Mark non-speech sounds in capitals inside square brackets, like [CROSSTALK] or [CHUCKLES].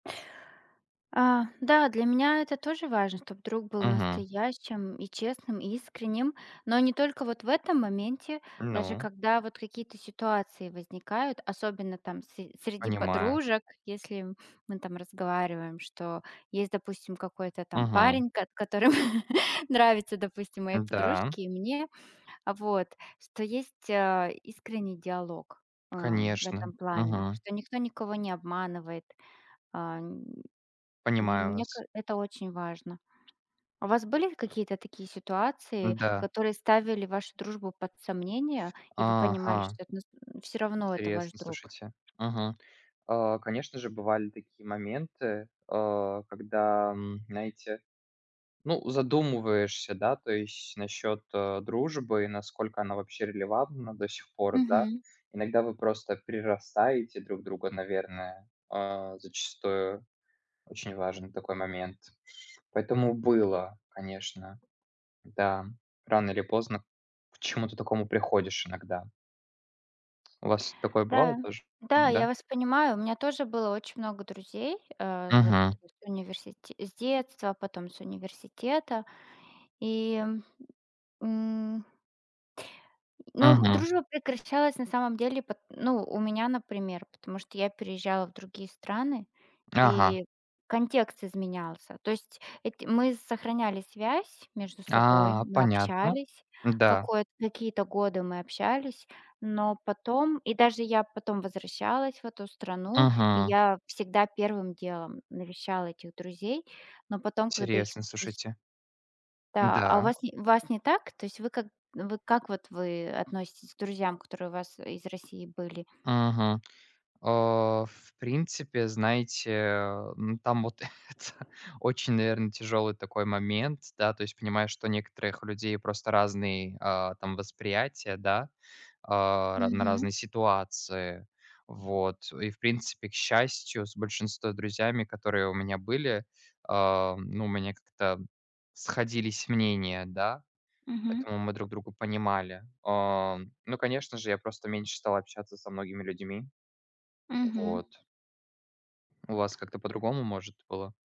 А, да, для меня это тоже важно, чтоб друг был Мгм. настоящим и честным, и искренним, но не только вот в этом моменте, даже Ну. когда вот какие-то ситуации возникают, особенно там с среди Понимаю. подружек, если, мы там разговариваем, что есть, допустим, какой-то там Мгм. парень, кот которому [CHUCKLES] нравится, допустим, моей Н-да. подружке и мне. А, вот. Что есть, а, искренний диалог, а, в этом Конечно. плане. Мгм. Что никто никого не обманывает. Ам, ми Понимаю мне ка вас. это очень важно. А у вас были какие-то такие ситуации, Н-да. которые ставили вашу дружбу под сомнение, и вы понимали, Ага. что это нас [GRUNTS] всё равно это ваш Интересно, друг? слушайте. Мгм. А, конечно же, бывали такие моменты, а, когда, м, знаете, ну, задумываешься, да, то есть насчет, э, дружбы, и насколько она вообще релевантна до сих пор, да. Мгм. Иногда вы просто перерастаете друг друга, наверное, а, зачастую очень важен такой момент, поэтому было, конечно. Да. Рано или поздно к чему-то такому приходишь иногда. У вас такое бывало Да, тоже? да, я Н-да? вас понимаю. У меня тоже было очень много друзей. А, вот, Мгм. э, с университе с детства, потом с университета. И, м. Но, м, Мгм. дружба прекращалась на самом деле пот ну, у меня, например, потому что я переезжала в другие страны, Ага. и контекст изменялся. То есть эти мы сохраняли связь между собой, А, мы понятно. общались. Н-да. Какой-то какие-то годы мы общались, но потом, и даже я потом возвращалась в эту страну, и Мгм. я всегда первым делом навещала этих друзей. Но потом, когда их Интересно, спиш слушайте. Да, а у Н-да. вас не у вас не так? То есть вы как вы как вот вы относитесь к друзьям, которые у вас из России были? Мгм. А, в принципе, знаете, м, там вот это очень, наверно, тяжелый такой момент, да. То есть понимаю, что у некоторых людей просто разный, а, там восприятие, да. А ра на Мгм. разные ситуации. Вот и, в принципе, к счастью, с большинством друзьями, которые у меня были, ам, ну, у меня как-то сходились мнения, да, Мгм. поэтому мы друг друга понимали. Ам, ну, конечно же, я просто меньше стал общаться со многими людьми. Мгм. Вот. У вас как-то по-другому, может, было?